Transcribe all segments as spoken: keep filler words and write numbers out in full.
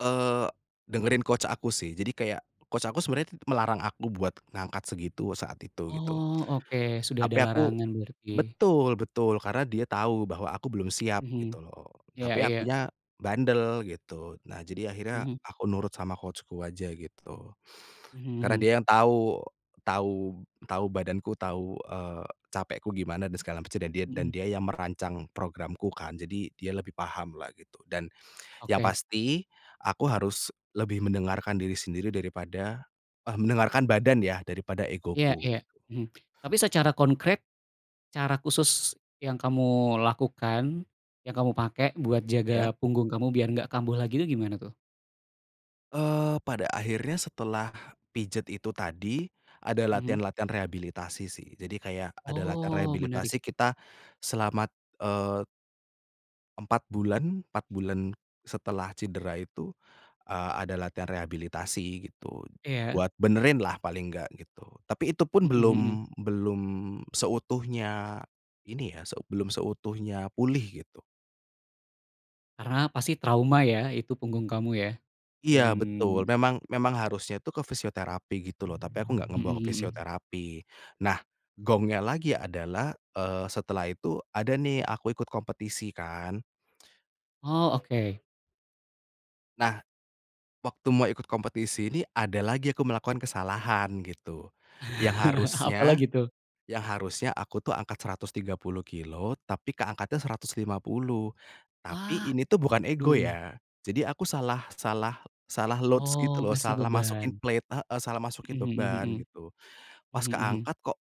Eee, dengerin coach aku sih, jadi kayak coach aku sebenarnya melarang aku buat ngangkat segitu saat itu, gitu. Oh, oke, sudah ada Tapi aku larangan berarti. betul betul, karena dia tahu bahwa aku belum siap, Mhm, gitu loh. iya Tapi iya. akunya bandel gitu, nah, jadi akhirnya Mhm. aku nurut sama coach-ku aja, gitu. Mhm Karena mhm. dia yang tahu tahu tahu badanku tahu, eee, capekku gimana dan segala macam, dan dia dan Mhm. dia yang merancang programku kan, jadi dia lebih pahamlah gitu, dan yang Oke. pasti aku harus lebih mendengarkan diri sendiri daripada eh, mendengarkan badan ya, daripada Iya egoku. iya, mhm. Tapi secara konkret, cara khusus yang kamu lakukan, yang kamu pakai buat Iya. jaga punggung kamu biar nggak kambuh lagi itu gimana tuh? Eee, pada akhirnya setelah pijet itu tadi, ada Mhm. latihan-latihan rehabilitasi sih, jadi kayak ada latihan Oh, menarik. rehabilitasi kita selamat, eee empat bulan empat bulan setelah cedera itu, eee, ada latihan rehabilitasi gitu, Iya. buat benerinlah paling enggak, gitu. Tapi itu pun Mhm belum mhm. belum seutuhnya ini ya, seu belum seutuhnya pulih, gitu. Karena pasti trauma ya, itu punggung kamu ya dan Iya, betul, memang memang harusnya itu ke fisioterapi gitu loh, tapi aku enggak Mhm ngebawa ke mhm. fisioterapi. Nah, gongnya lagi adalah, eee, setelah itu ada nih aku ikut kompetisi kan. Oh, oke. Nah, waktu mau ikut kompetisi ini ada lagi aku melakukan kesalahan gitu, yang harusnya, Apalagi tuh? yang harusnya aku tuh angkat seratus tiga puluh kilo tapi keangkatnya seratus lima puluh, tapi Wah, ini tuh bukan ego aduh. ya, jadi aku salah salah salah loads, gitu Oh, loh, ngasih salah masukin beban. plate heeh, salah masukin Mhm mhm beban, mhm. gitu. Pas Mhm mhm. keangkat, "Kok,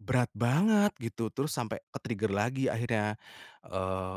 berat banget", gitu, terus sampai ke-trigger lagi akhirnya, eee